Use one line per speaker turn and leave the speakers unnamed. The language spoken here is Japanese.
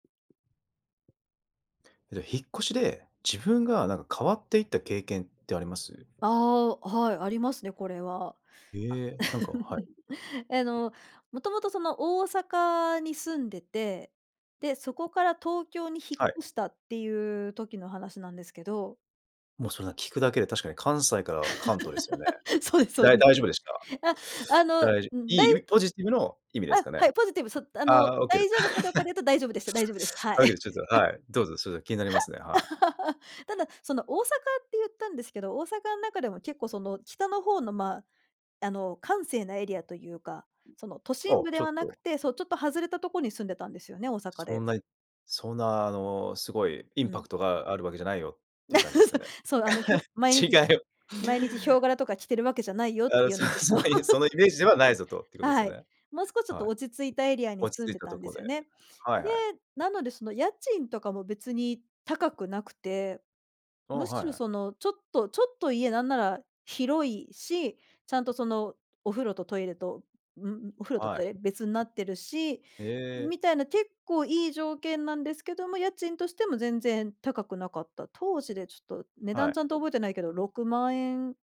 ら、引っ越しで、自分がなんか変わっていった経験ってあります？
ああ、お、はい、ありますね、これは。
ええ、なんかは い。
えの、もともとその大阪に住んでて、で、そこから東京に引っ
はい。
越したっていう時の話なんですけど
もうそんな聞くだけで、確かに、関西から関東ですよね？
そうですそう
だい
です。
大丈夫でし
あ、あ
た？
の、
だいじ
ん、
いい
だ
意
い
味、ポジティブの意味です
あ、
かね？
はい、ポジティブ、そあ
あ
の、
あ、あ、オッケーで
大丈夫かどうかで 言うと大丈夫でした、大丈夫です。は
オッケーで
い。
ちょっと、はい、どうぞ、それ気になりますね、はい。
ただ、その、大阪って言ったんですけど、大阪ん中でも結構その北の方の、ま、あの、閑静なエリアというか、その、都
お
心
お、
部で
ちょっ
はなく
と。
て、そう、ちょっと外れたとこに住んでたんですよね、大阪
そ
で。
んなにそんな、あの、すごいイン
う
パ
ん。
クトがあるわけじゃないよっていう感じですか ね？
そう、そう、あの、ひょ毎日
違いを
毎日ヒョウ柄とか着てるわけじゃないよっ
あ
て
あ、
いう
そ
なこと。
そういう、そのイ メージではないぞと、いうことです
はい。
ね？
もうすこちょっ
は
と
い。
落ち着いたエリアに
落ち
住ん
着い
で
た
た
と
んで
こ
す
で。
よね。
はい
で、
はい。
なので、その、家賃とかも別に高くなくて、
お
む
お、
し
はい
ろ
はい。
その、ちょっとちょっと、家なんなら広いし、ちゃんとそのお風呂とトイレと、んん、お風呂と
は
トイ
い。
レ別になってるし、
ええ。
みたいな結構いい条件なんですけども、家賃としても全然高くなかった。当時でちょっと値
は
段ちゃんと
い。
覚えてないけど、6万円